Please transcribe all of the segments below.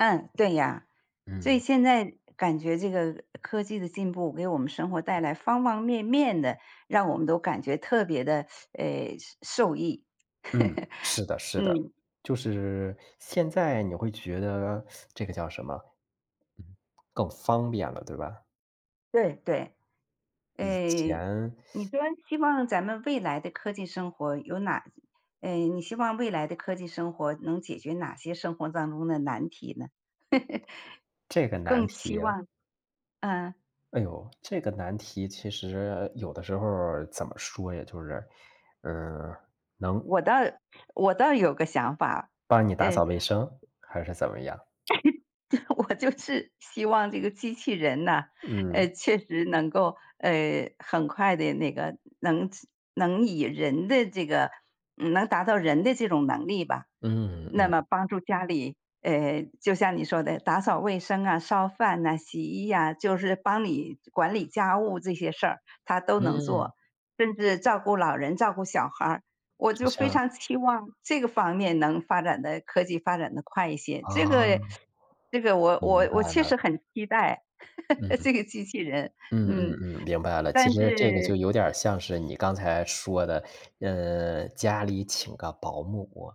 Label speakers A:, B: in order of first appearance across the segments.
A: 嗯，对呀，所以
B: 嗯。
A: 现在感觉这个科技的进步，给我们生活带来方方面面的，让我们都感觉特别地，呃，受受益。
B: 嗯，是 的是的，
A: 嗯。
B: 就是现在你会觉得 这个叫什么？嗯。更方便了，对吧？
A: 对对，
B: 以
A: 诶，
B: 前
A: 你说希望咱们未来的科技生活有哪诶，你希望未来的科技生活，能解决哪些生活当中的难题呢？
B: 这个难
A: 更期
B: 题啊。
A: 望嗯。
B: 哎哟，这个难题，其实有的时候儿，怎么说呀，就是嗯，能
A: 我倒我倒有个想法，
B: 帮你打扫
A: 呃
B: 卫生？还是怎么样？
A: 我就是希望这个机器人呢，呃，
B: 嗯。
A: 确实能够，呃，很快地那个能能以人的这个能达到人的这种能力吧。
B: 嗯
A: 那
B: 嗯。
A: 么帮助家里，诶，就像你说的，打扫卫生啊，烧饭呐，洗衣啊，就是帮你管理家务这些事儿它都能
B: 嗯。
A: 做，甚至照顾老人，照顾小孩儿，我
B: 就
A: 就非
B: 像
A: 常期望这个方面能发展得科技发展得快一些，这
B: 哦。
A: 个这个我
B: 明
A: 我我
B: 白
A: 确实
B: 了。
A: 很期待，
B: 嗯 嗯。
A: 这个机器人，
B: 嗯嗯
A: 嗯，
B: 嗯，明白了，其
A: 但
B: 实这个
A: 是
B: 就有点儿像是你刚才说的，嗯，家里请个保姆。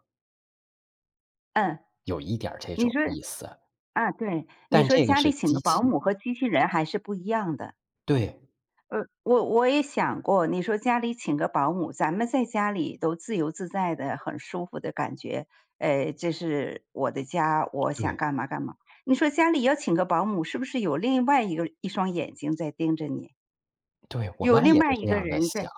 A: 嗯。
B: 有一点儿这
A: 你
B: 种
A: 说
B: 意思。
A: 啊，对，你
B: 但
A: 说
B: 这个
A: 家里
B: 是
A: 请
B: 机
A: 个保
B: 器。
A: 姆和机器人还是不一样的。
B: 对。
A: 呃，我我也想过，你说家里请个保姆，咱们在家里都自由自在的，很舒服的感觉，诶，这是我的家，我想
B: 对。
A: 干嘛干嘛。你说家里要请个保姆是不是有另外一个一双眼睛在盯着你？
B: 对，我
A: 有
B: 妈
A: 另
B: 也是
A: 外一
B: 这
A: 个
B: 样地
A: 人，
B: 想。
A: 对。